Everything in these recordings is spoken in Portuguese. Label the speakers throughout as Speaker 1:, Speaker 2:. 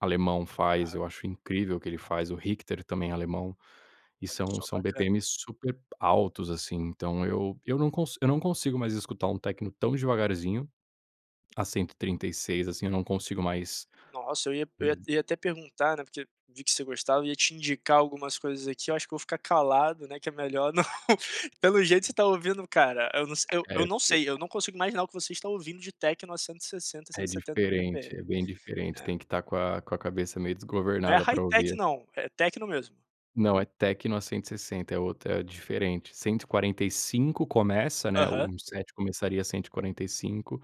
Speaker 1: Alemão faz eu
Speaker 2: Aham.
Speaker 1: acho incrível o que ele faz o Hicter também alemão e
Speaker 2: Olha
Speaker 1: são
Speaker 2: só,
Speaker 1: são
Speaker 2: bacana.
Speaker 1: BPMs super altos, assim, então eu eu não consi eu não consigo mais escutar um techno tão devagarzinho a 136 assim, eu não consigo mais,
Speaker 2: Nossa eu ia eu ia
Speaker 1: hum.
Speaker 2: ia até perguntar, né, porque vi que você gostava ia te indicar algumas coisas aqui eu acho que vou ficar calado, né, que é melhor, não, pelo jeito você tá ouvindo cara, eu não eu
Speaker 1: É
Speaker 2: eu não
Speaker 1: te
Speaker 2: sei, eu não consigo imaginar o que você está ouvindo de techno a 160,
Speaker 1: É
Speaker 2: 170
Speaker 1: diferente
Speaker 2: bpm,
Speaker 1: é bem diferente
Speaker 2: é.
Speaker 1: tem que estar com a com a cabeça meio
Speaker 2: Não é
Speaker 1: desgovernada
Speaker 2: high
Speaker 1: pra
Speaker 2: tech,
Speaker 1: ouvir.
Speaker 2: não? É techno mesmo?
Speaker 1: Não é techno a 160 é outra é diferente 145 começa, né, o
Speaker 2: Aham.
Speaker 1: um set começaria a 145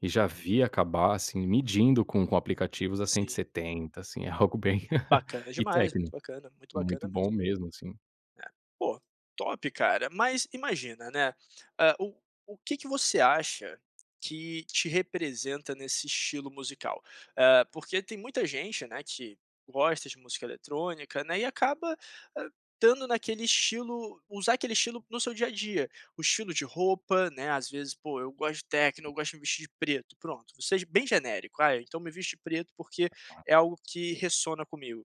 Speaker 1: e já vi acabar assim medindo com com aplicativos a cento e
Speaker 2: Sim.
Speaker 1: setenta assim é algo bem
Speaker 2: Bacana
Speaker 1: e
Speaker 2: demais, muito
Speaker 1: techno.
Speaker 2: bacana, muito
Speaker 1: Muito
Speaker 2: bacana mesmo.
Speaker 1: bom mesmo assim.
Speaker 2: É poxa, top cara, mas imagina, né, hã, o o que que você acha que te representa nesse estilo musical? Hã, porque tem muita gente, né, que gosta de música eletrônica, né, e acaba, ah, dando naquele estilo, usar aquele estilo no seu dia a dia, o estilo de roupa, né, às vezes, poxa, eu gosto de techno, eu gosto de me vestir de preto pronto, vou ser ge bem genérico, ah, então me visto preto porque é
Speaker 1: [unintelligible]
Speaker 2: algo que ressona comigo.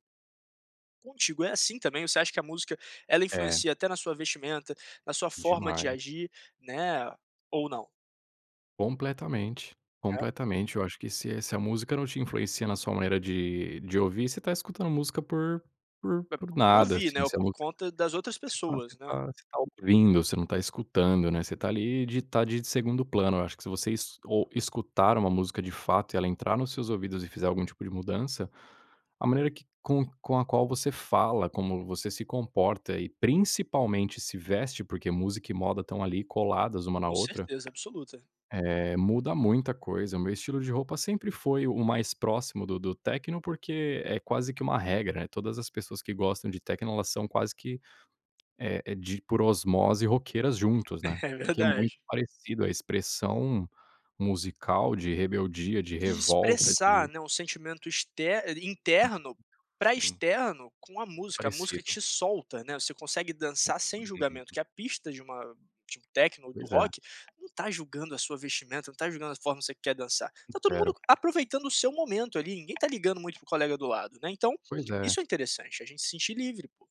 Speaker 2: Contigo é assim também? Você acha que a música ela
Speaker 1: É.
Speaker 2: influencia até na sua vestimenta, na sua forma de
Speaker 1: Demais.
Speaker 2: agir, né, ou não?
Speaker 1: Completamente,
Speaker 2: Hã.
Speaker 1: completamente eu acho que se se a música não te influencia na sua maneira de de ouvir, você tá escutando música por por
Speaker 2: P
Speaker 1: por
Speaker 2: por
Speaker 1: nada
Speaker 2: ouvir,
Speaker 1: assim,
Speaker 2: né, ou
Speaker 1: você não
Speaker 2: por conta das outras
Speaker 1: você fala você
Speaker 2: pessoas, né?
Speaker 1: fala, você tá ouvindo você não tá escutando, né, você tá ali de estar de segundo plano eu acho que se vocês es ou escutar uma música de fato e ela entrar nos seus ouvidos e fizer algum tipo de mudança a maneira que com com a qual você fala, como você se comporta e principalmente se veste, porque música e moda estão ali coladas uma na
Speaker 2: Com
Speaker 1: outra
Speaker 2: certeza absoluta.
Speaker 1: Eh muda muita coisa o meu estilo de roupa sempre foi o mais próximo do do techno, porque é quase que uma regra, eh, todas as pessoas que gostam de techno elas são quase que, eh eh, de por osmose roqueiras juntos, né,
Speaker 2: É
Speaker 1: porque é muito
Speaker 2: verdade.
Speaker 1: parecido a expressão musical de rebeldia, de
Speaker 2: De
Speaker 1: revolta
Speaker 2: expressar,
Speaker 1: de
Speaker 2: né, um sentimento exter eh, interno para
Speaker 1: Sim.
Speaker 2: externo com a música, a música
Speaker 1: Parecido.
Speaker 2: te solta, né, você consegue dançar sem julgamento
Speaker 1: [unintelligible]
Speaker 2: que a pista de uma de um techno ou do
Speaker 1: Pois é.
Speaker 2: rock, não tá julgando a sua vestimenta, não tá julgando a forma que você quer dançar. Tá todo
Speaker 1: Zero.
Speaker 2: mundo aproveitando o seu momento ali, ninguém tá ligando muito para o colega do lado, né, então,
Speaker 1: Pois é.
Speaker 2: isso é interessante, a gente se sentir livre, poxa.